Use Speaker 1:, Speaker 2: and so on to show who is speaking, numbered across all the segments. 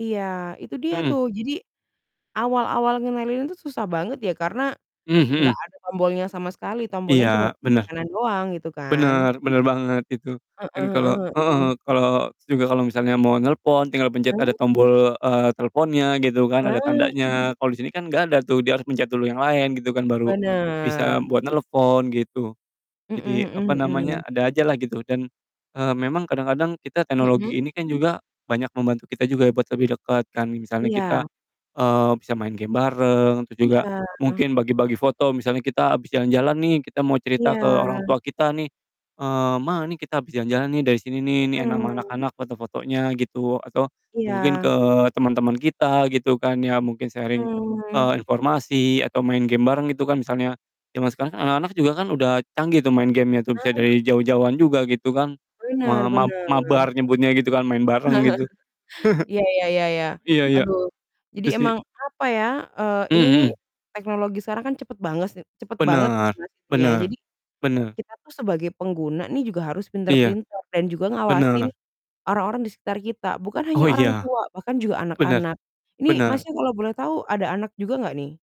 Speaker 1: Iya, itu dia
Speaker 2: Mhm.
Speaker 1: tuh jadi, awal-awal ngenalin itu susah banget ya karena,
Speaker 2: Mmm,
Speaker 1: nggak
Speaker 2: mhm.
Speaker 1: ada tombolnya sama sekali tombolnya cuma
Speaker 2: Iya,
Speaker 1: kiri
Speaker 2: bener.
Speaker 1: kanan doang gitu kan.
Speaker 2: Bener bener banget itu.
Speaker 1: Heeh
Speaker 2: Dan kalo
Speaker 1: heeh
Speaker 2: heeh
Speaker 1: heeh.
Speaker 2: heeh, kalo s juga kalo misalnya mau nelpon, tinggal pencet ada
Speaker 1: Mhm.
Speaker 2: tombol, eee, teleponnya gitu kan, ada
Speaker 1: Ah.
Speaker 2: tandanya, kalo disini kan nggak ada tuh, dia harus pencet dulu yang lain gitu kan, baru bisa
Speaker 1: Bener.
Speaker 2: buat nelepon, gitu.
Speaker 1: Mhm
Speaker 2: Jadi, apa
Speaker 1: mhm mhm.
Speaker 2: namanya, ada aja lah gitu dan, eee, memang kadang-kadang kita
Speaker 1: Mhm.
Speaker 2: teknologi ini kan juga banyak membantu kita juga ya, buat lebih deket kan, misalnya kita,
Speaker 1: Iya.
Speaker 2: eee, bisa main game bareng, terus juga
Speaker 1: Iya.
Speaker 2: mungkin bagi-bagi foto, misalnya kita habis jalan-jalan nih, kita mau cerita ke orang
Speaker 1: Iya.
Speaker 2: tua kita nih, eee, "Ma, nih kita habis jalan-jalan nih, dari sini nih, nih enak ama
Speaker 1: Mhm.
Speaker 2: anak-anak foto-fotonya," gitu, atau, mungkin ke
Speaker 1: Iya.
Speaker 2: teman-teman kita, gitu kan ya, mungkin sharing, eee,
Speaker 1: Mhm.
Speaker 2: informasi atau main game bareng gitu kan, misalnya. Zaman sekarang kan anak-anak juga kan udah canggih tuh main game-nya tuh bisa
Speaker 1: Ah.
Speaker 2: dari jauh-jauhan juga gitu kan, me
Speaker 1: Bener
Speaker 2: mab
Speaker 1: bener.
Speaker 2: mabar nyebutnya gitu kan, main bareng gitu.
Speaker 1: Iya iya iya iya.
Speaker 2: Iya iya,
Speaker 1: Aduh, jadi
Speaker 2: itu sih.
Speaker 1: emang apa ya, eee,
Speaker 2: Mmm,
Speaker 1: ini nih,
Speaker 2: mhm.
Speaker 1: teknologi sekarang kan cepet bangese cepet banget kan
Speaker 2: Bener
Speaker 1: Mas ini ya,
Speaker 2: bener
Speaker 1: jadi,
Speaker 2: benar.
Speaker 1: kita tuh sebagai pengguna nih juga harus
Speaker 2: Iya,
Speaker 1: pinter-pinter dan juga ngawasin,
Speaker 2: bener.
Speaker 1: orang-orang di sekitar kita, bukan hanya
Speaker 2: Oh
Speaker 1: orang
Speaker 2: iya.
Speaker 1: tua bahkan juga
Speaker 2: Benar,
Speaker 1: anak-anak. Ini,
Speaker 2: benar.
Speaker 1: Masnya, kalau boleh tahu ada anak juga nggak nih?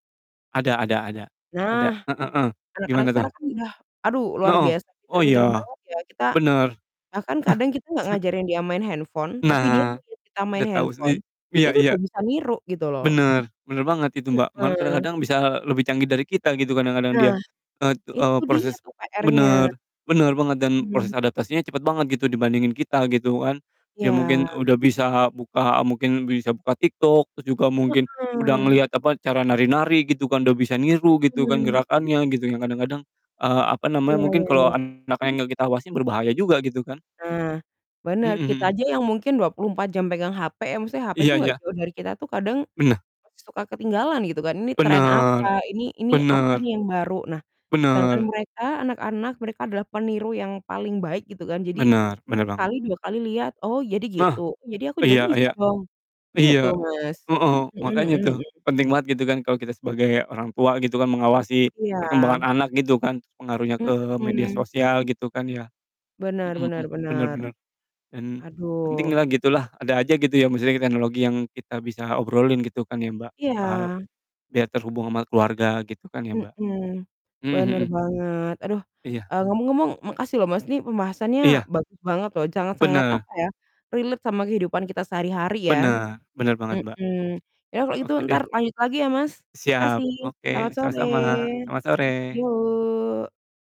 Speaker 2: Ada ada ada, ada,
Speaker 1: Nah.
Speaker 2: heeh,
Speaker 1: Anak-anak
Speaker 2: gimana tuh?
Speaker 1: sekarang kan udah aduh
Speaker 2: Na
Speaker 1: luar
Speaker 2: oh,
Speaker 1: biasa
Speaker 2: oh
Speaker 1: pinter-pinter
Speaker 2: iya,
Speaker 1: banget ya, kita
Speaker 2: bener.
Speaker 1: bahkan kadang kita nggak
Speaker 2: Ce
Speaker 1: ngajarin dia main handphone tapi dia
Speaker 2: Nah,
Speaker 1: ngeliat kita main
Speaker 2: udah tau
Speaker 1: handphone,
Speaker 2: sendiri iya
Speaker 1: itu udah
Speaker 2: iya.
Speaker 1: bisa niru, gitu loh.
Speaker 2: Bener bener banget itu, Mbak, malah
Speaker 1: Mhm.
Speaker 2: kadang-kadang bisa lebih canggih dari kita gitu kadang-kadang dia.
Speaker 1: Nah,
Speaker 2: Et eee,
Speaker 1: itu dia
Speaker 2: proses
Speaker 1: tuh PR-nya,
Speaker 2: benar benar banget dan
Speaker 1: mhm.
Speaker 2: proses adaptasinya cepet banget, gitu, dibandingin kita, gitu kan. Dia mungkin
Speaker 1: Iya.
Speaker 2: udah bisa buka mungkin bisa buka TikTok, terus juga mungkin, udah
Speaker 1: Heeh.
Speaker 2: ngeliat, apa, cara nari-nari, gitu kan, udah bisa niru, gitu kan,
Speaker 1: Mhm.
Speaker 2: gerakannya, gitu, yang kadang-kadang, eee, apa namanya,
Speaker 1: Iya
Speaker 2: mungkin
Speaker 1: iya
Speaker 2: kalo
Speaker 1: iya.
Speaker 2: anak yang nggak kita awasin berbahaya juga, gitu kan.
Speaker 1: Ah, bener,
Speaker 2: Mhm
Speaker 1: kita
Speaker 2: mhm.
Speaker 1: aja yang mungkin 24 jam pegang hape ya maksudnya hape
Speaker 2: Iya
Speaker 1: tuh nggak
Speaker 2: iya.
Speaker 1: jauh dari kita tuh kadang,
Speaker 2: Benah.
Speaker 1: suka ketinggalan gitu kan, ini tren
Speaker 2: Benar,
Speaker 1: apa, ini ini, apa
Speaker 2: benar.
Speaker 1: nih yang baru, nah, sedangkan
Speaker 2: Benar.
Speaker 1: mereka anak-anak, mereka adalah peniru yang paling baik, gitu kan, jadi,
Speaker 2: Benar benar banget.
Speaker 1: sekali 2 kali lihat, "Oh, jadi gitu,
Speaker 2: Nah,
Speaker 1: jadi aku juga
Speaker 2: iya
Speaker 1: bisa
Speaker 2: iya.
Speaker 1: dong," gitu,
Speaker 2: Iya.
Speaker 1: Mas.
Speaker 2: Heeh,
Speaker 1: Mhm
Speaker 2: makanya
Speaker 1: mhm
Speaker 2: tuh
Speaker 1: mhm.
Speaker 2: penting banget, gitu kan, kalo kita sebagai orang tua, gitu kan, mengawasi perkembangan
Speaker 1: Iya.
Speaker 2: anak, gitu kan, terus pengaruhnya ke media
Speaker 1: Mhm.
Speaker 2: sosial, gitu kan ya.
Speaker 1: Benar
Speaker 2: Mhm mhm,
Speaker 1: benar
Speaker 2: bener
Speaker 1: benar.
Speaker 2: bener. Dan penting
Speaker 1: Aduh.
Speaker 2: lah, gitu lah, ada aja, gitu ya, maksudnya teknologi yang kita bisa obrolin, gitu kan ya, Mbak, soal,
Speaker 1: Iya.
Speaker 2: dia terhubung sama keluarga, gitu kan ya, Mbak.
Speaker 1: Mhm,
Speaker 2: Mmm,
Speaker 1: bener
Speaker 2: mhm.
Speaker 1: banget, aduh,
Speaker 2: Iya.
Speaker 1: eee, ngomong-ngomong makasih loh, Mas, ini pembahasannya
Speaker 2: Iya.
Speaker 1: bagus banget loh, sangat-sangat
Speaker 2: Bener.
Speaker 1: apa ya, relate sama kehidupan kita sehari-hari ya.
Speaker 2: Bener bener banget, Mbak.
Speaker 1: Mhm. Ya, kalau gitu
Speaker 2: Oke deh.
Speaker 1: entar lanjut lagi ya, Mas.
Speaker 2: Siap,
Speaker 1: Makasih, selamat
Speaker 2: oke,
Speaker 1: sore.
Speaker 2: sama-sama. Selamat sore.
Speaker 1: Yuk.